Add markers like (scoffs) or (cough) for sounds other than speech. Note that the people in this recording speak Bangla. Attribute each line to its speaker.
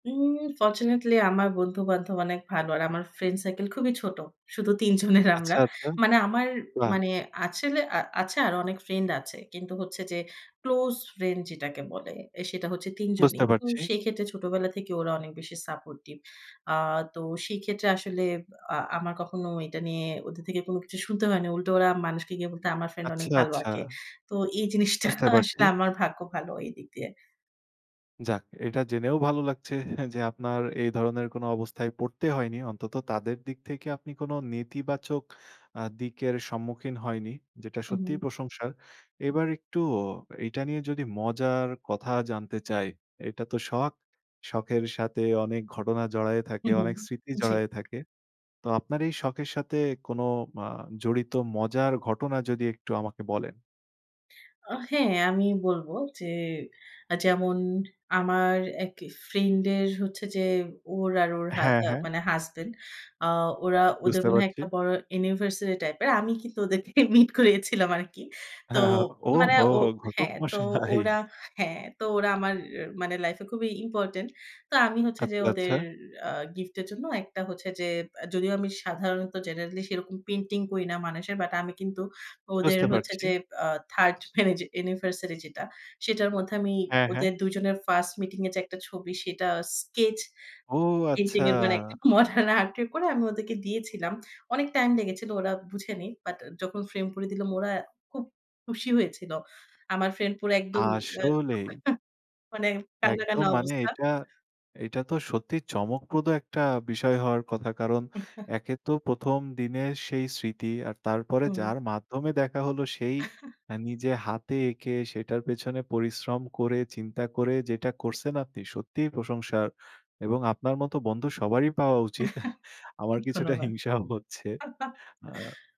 Speaker 1: উউম ফরচুনেটলি আমার বন্ধু-বান্ধব অনেক ভালো। আর আমার ফ্রেন্ড সার্কেল খুবই ছোট। শুধু ৩ জনের আমরা।
Speaker 2: আচ্ছা, আচ্ছা।
Speaker 1: মানে আমার
Speaker 2: বাহ!
Speaker 1: মানে আসলে আ আছে আরো অনেক ফ্রেন্ড আছে। কিন্তু হচ্ছে যে, ক্লোজ ফ্রেন্ড যেটাকে বলে, সেটা হচ্ছে ৩ জনই।
Speaker 2: বুঝতে
Speaker 1: উম
Speaker 2: পারছি।
Speaker 1: সেই ক্ষেত্রে ছোটবেলা থেকে ওরা অনেক বেশি সাপোর্টিভ। আ তো সেই ক্ষেত্রে আসলে, আ আমার কখনো এটা নিয়ে ওদের থেকে কোন কিছু শুনতে হয় না। উল্টো ওরা মানুষকে গিয়ে বলতো আমার ফ্রেন্ড
Speaker 2: আচ্ছা,
Speaker 1: অনেক ভালো
Speaker 2: আচ্ছা।
Speaker 1: আঁকে। তো এই জিনিসটা
Speaker 2: বুঝতে পারছি।
Speaker 1: আসলে আমার ভাগ্য ভালো এইদিক দিয়ে।
Speaker 2: যাক, এটা জেনেও ভালো লাগছে যে, আপনার এই ধরনের কোন অবস্থায় পড়তে হয়নি। অন্তত তাদের দিক থেকে আপনি কোন নেতিবাচক আ দিকের সম্মুখীন হয়নি। যেটা
Speaker 1: উ
Speaker 2: সত্যিই
Speaker 1: হুম।
Speaker 2: প্রশংসার। এবার একটু এটা নিয়ে যদি মজার কথা জানতে চাই, এটা তো শখ। শখের সাথে অনেক ঘটনা জড়ায়ে থাকে,
Speaker 1: হু, হুম।
Speaker 2: অনেক স্মৃতি
Speaker 1: জি।
Speaker 2: জড়ায় থাকে। তো আপনার এই শখের সাথে কোন আ জড়িত মজার ঘটনা যদি একটু আমাকে বলেন।
Speaker 1: ও হ্যাঁ, আমি বলব যে, যেমন আমার এক ফ্রেন্ড এর হচ্ছে যে, ওর আর ওর হা
Speaker 2: হ্যাঁ,
Speaker 1: অ্যা
Speaker 2: হ্যাঁ।
Speaker 1: মানে হাসব্যান্ড। আ ওরা ওদের
Speaker 2: বুঝতে
Speaker 1: মনে হয়,
Speaker 2: পারছি।
Speaker 1: একটা বড় অ্যানিভার্সারি টাইপের। আমি কিন্তু ওদের থেকে মিট করিয়েছিলাম আরকি। তো,
Speaker 2: হ্যাঁ, হ্যাঁ।
Speaker 1: মানে
Speaker 2: ওহো!
Speaker 1: ও
Speaker 2: ঘটক
Speaker 1: হ্যাঁ, তো
Speaker 2: মশাই।
Speaker 1: ওরা হ্যাঁ, তো ওরা আমার মানে লাইফ এ খুবই ইম্পোর্টেন্ট। তো আমি হচ্ছে
Speaker 2: আচ্ছা,
Speaker 1: যে,
Speaker 2: আচ্ছা।
Speaker 1: ওদের আ গিফট এর জন্য একটা হচ্ছে যে, আ যদিও আমি সাধারণত জেনারেলি সেরকম পেইন্টিং করি না মানুষের। বাট আমি কিন্তু ওদের
Speaker 2: বুঝতে
Speaker 1: হচ্ছে
Speaker 2: পারছি।
Speaker 1: যে, আ 3rd অ্যানি অ্যানিভার্সারি যেটা, সেটার মধ্যে আমি
Speaker 2: হ্যাঁ, হ্যাঁ।
Speaker 1: ওদের ২ জনের ফার্স্ট মিটিং এর যে একটা ছবি, সেটা স্কেচ
Speaker 2: ও!
Speaker 1: পেইন্টিং
Speaker 2: আচ্ছা।
Speaker 1: এর মানে, একটা মডার্ন আর্ট করে, আমি ওদেরকে দিয়েছিলাম। অনেক টাইম লেগেছিল, ওরা বুঝেনি। বাট যখন ফ্রেম করে দিলাম, ওরা খুব খুশি হয়েছিল। আমার ফ্রেন্ড পুরা একদমই
Speaker 2: আসলেই!
Speaker 1: (unintelligible) মানে কান্না,
Speaker 2: একদম
Speaker 1: কান্না
Speaker 2: মানে
Speaker 1: অবস্থা।
Speaker 2: এটা, এটা তো সত্যি চমকপ্রদ একটা বিষয় হওয়ার কথা। কারণ,
Speaker 1: (chuckles)
Speaker 2: একে তো ১ম দিনের সেই স্মৃতি। আর তারপরে
Speaker 1: হুম।
Speaker 2: যার মাধ্যমে দেখা হলো, সেই
Speaker 1: (chuckles)
Speaker 2: নিজে হাতে এঁকে, সেটার পেছনে পরিশ্রম করে, চিন্তা করে, যেটা করছেন, আপনি সত্যিই প্রশংসার। এবং আপনার মতো বন্ধু সবারই পাওয়া উচিত। (scoffs)
Speaker 1: (chuckles)
Speaker 2: আমার কিছুটা
Speaker 1: ধন্যবাদ।
Speaker 2: হিংসাও হচ্ছে।
Speaker 1: (chuckles)
Speaker 2: আ